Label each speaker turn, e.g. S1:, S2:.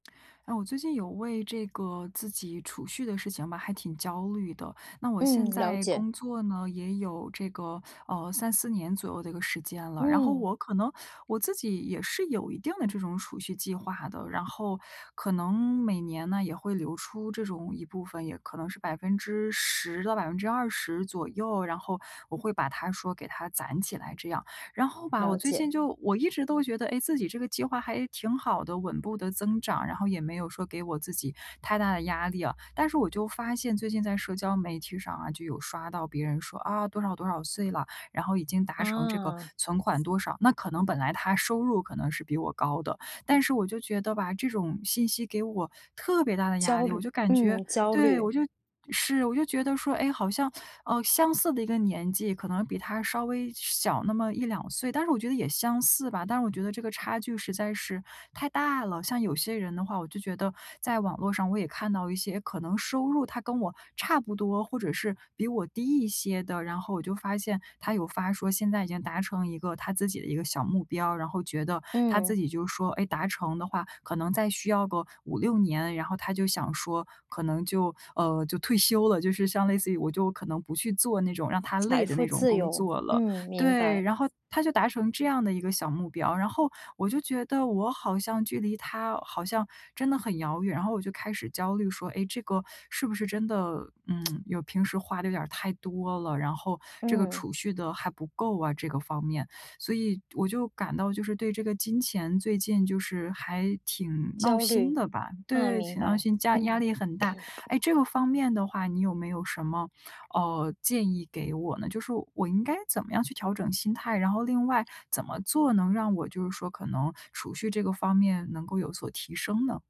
S1: 嗯，我最近有为这个自己储蓄的事情吧，还挺焦虑的。那我
S2: 嗯，
S1: 现
S2: 了
S1: 在
S2: 解。
S1: 工作呢，也有这个，呃，3-4年左右的一个时间了。然后
S2: 嗯。
S1: 我可能我自己也是有一定的这种储蓄计划的。然后可能每年呢，也会留出这种一部分，也可能是10%到20%左右。然后我会把它说，给它攒起来这样。然后吧，我
S2: 了
S1: 最近
S2: 解。
S1: 就我一直都觉得，哎，自己这个计划还挺好的，稳步地增长，然后也没有说给我自己太大的压力啊。但是我就发现，最近在社交媒体上啊，就有刷到别人说：“啊，多少多少岁了，然后已经达成这个
S2: 啊。
S1: 存款多少“。那可能本来他收入可能是比我高的，但是我就觉得吧，这种信息给我特别大的压
S2: 焦
S1: 力。我
S2: 虑，
S1: 就感觉
S2: 嗯，焦
S1: 对，
S2: 虑。
S1: 我就是，我就觉得说，哎，好像，呃，相似的一个年纪，可能比他稍微小那么1-2岁，但是我觉得也相似吧，但是我觉得这个差距实在是太大了。像有些人的话，我就觉得在网络上我也看到一些，可能收入他跟我差不多，或者是比我低一些的，然后我就发现他有发说，现在已经达成一个他自己的一个小目标。然后觉得他自
S2: 嗯。
S1: 己就说：“哎，达成的话，可能再需要个5-6年”，然后他就想说，可能就呃，就退休了，就是像类似于我就可能不去做那种让他
S2: 财
S1: 累的那
S2: 富
S1: 种
S2: 自
S1: 工
S2: 由，
S1: 作了。
S2: 嗯，明
S1: 对，
S2: 白。
S1: 然后他就达成这样的一个小目标。然后我就觉得，我好像距离他好像真的很遥远。然后我就开始焦虑说，哎，这个是不是真的，嗯，有平时花得有点儿太多了，然后这个
S2: 嗯。
S1: 储蓄得还不够啊，这个方面。所以我就感到就是，对这个金钱，最近就是还挺闹
S2: 焦
S1: 心
S2: 虑，
S1: 的吧。
S2: 嗯，
S1: 对，
S2: 明
S1: 挺闹
S2: 白。
S1: 心，家压
S2: 嗯。
S1: 力很大。哎，这个方面的话，你有没有什么，呃，建议给我呢？就是我应该怎么样去调整心态，然后另外怎么做能让我就是说，可能储蓄这个方面能够有所提升呢？